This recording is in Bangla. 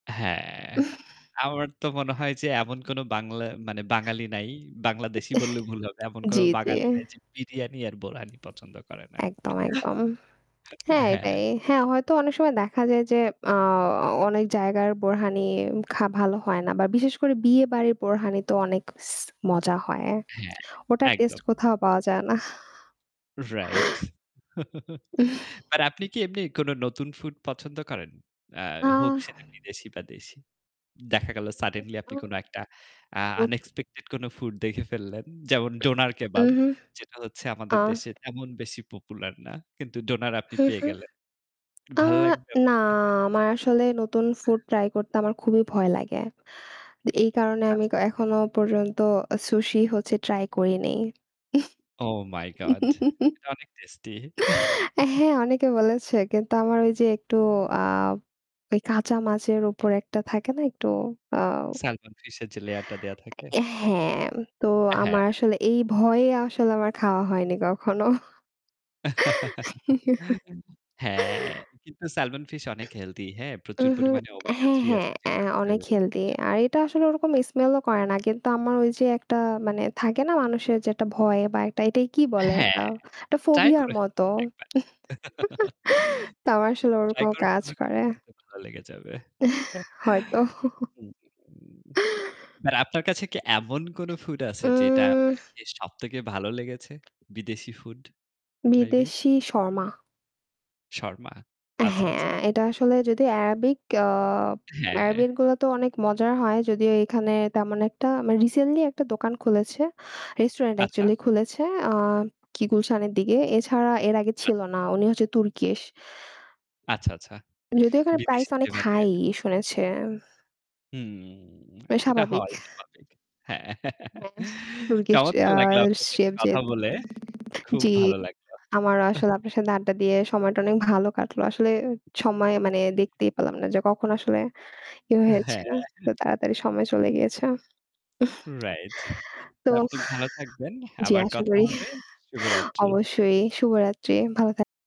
হ্যাঁ, আমার তো মনে হয় যে এমন কোন বাংলা মানে বাঙালি নাই, বাংলাদেশি বললে ভুল হবে। এমন কোন জি, জি। বাঙালি নাই যে বিরিয়ানি আর বোরহানি পছন্দ করে না। একদম, একদম। হ্যাঁ, হ্যা। এটাই। হ্যাঁ, হয়তো অনেক সময় দেখা যায় যে আ অনেক জায়গার বোরহানি খা ভালো হয় না বা বিশেষ করে বিয়ে বাড়ির বোরহানি তো অনেক স মজা হয়। হ্যাঁ, ওটার টেস্ট একদম। কোথাও পাওয়া যায় না। Right. আর আপনি কি এমনি কোন নতুন food পছন্দ করেন? আ হোক আহ! সেটা বিদেশি বা দেশি। দেখা গেল suddenly আপনি কোন একটা আ [unintelligible] unexpected কোন food দেখে ফেললেন। যেমন ডোনার উম কেবাব, হুম। যেটা হচ্ছে আমাদের আহ! দেশে তেমন বেশি popular না। কিন্তু ডোনার আপনি হুম, পেয়ে হুম। গেলেন। আ ভালো লাগবে না, আপনার খেতে? আমার আসলে নতুন food try করতে আমার খুবই ভয় লাগে। এই কারণে আমি আচ্ছা। এখনও পর্যন্ত আ sushi হচ্ছে try করি নাই। Oh my god! এটা অনেক টেস্টি। হ্যাঁ, অনেকে বলেছে কিন্তু আমার ওই যে একটু আ ওই কাঁচা মাছের উপর একটা থাকে না একটু আ Salmon fish এর যে layer টা দেয়া থাকে? হ্যাঁ, তো আ হ্যাঁ। আমার আসলে এই ভয়ে আসলে আমার খাওয়া হয়নি কখনো। হ্যাঁ, কিন্তু salmon fish অনেক healthy, হ্যাঁ? প্রচুর হুম, হুম। পরিমাণে omega-3 হ্যাঁ, হ্যাঁ। আছে এ যেটা আমাদের অনেক health healthy এর জন্য আর খুব এটা ভালো। আসলে ওরকম smell ও করে না। কিন্তু আমার ওই যে একটা মানে থাকে না মানুষের যে একটা ভয় বা একটা এটাই কি বলে একটা হ্যাঁ, একটা try ফোবিয়ার করে মতো। ফেলুন একবার। তা আমার আসলে try ওরকম করে কাজ ফেলুন, করে। খেতে খেতে ভালো লেগে যাবে। হয়তো। উম মানে আপনার কাছে কি এমন কোন food আছে যেটা উম আপনার খেয়ে সবথেকে ভালো লেগেছে? বিদেশি food maybe? বিদেশী শর্মা। শর্মা। আচ্ছা, হ্যাঁ, আচ্ছা। এটা আসলে যদি Arabic আ হ্যাঁ। Arabic গুলা তো অনেক মজার হয়। যদিও এখানে তেমন একটা মানে recently একটা দোকান খুলেছে, restaurant আচ্ছা। actually খুলেছে, অ্যাঁ কি হুম, হুম। গুলশানের দিকে। এছাড়া এর আগে ছিল আচ্ছা। না। উনি হচ্ছে Turkish. আচ্ছা, আচ্ছা। যদিও এখানে বিদেশি price অনেক flavor নিয়ে high আসার চেষ্টা করছেন। শুনেছি। হুম, এটা স্বাভাবিক। হওয়াই স্বাভাবিক। হ্যাঁ। হ্যাঁ, Turkish আ চমৎকার লাগলো আপনার সাথে chef যে কথা বলে। খুব জি, ভালো লাগলো। আমারও আসলে আপনার সাথে আড্ডা দিয়ে সময়টা অনেক ভালো কাটলো। আসলে সময়ে মানে জি। দেখতেই পেলাম না যে কখন আসলে ই হয়েছে। হ্যাঁ। তো তাড়াতাড়ি সময় চলে গিয়েছে। Right. তো আপনি ভালো থাকবেন। জি, আবার আশা কথা করি। হবে। শুভরাত্রি। অবশ্যই শুভরাত্রি। ভালো থাক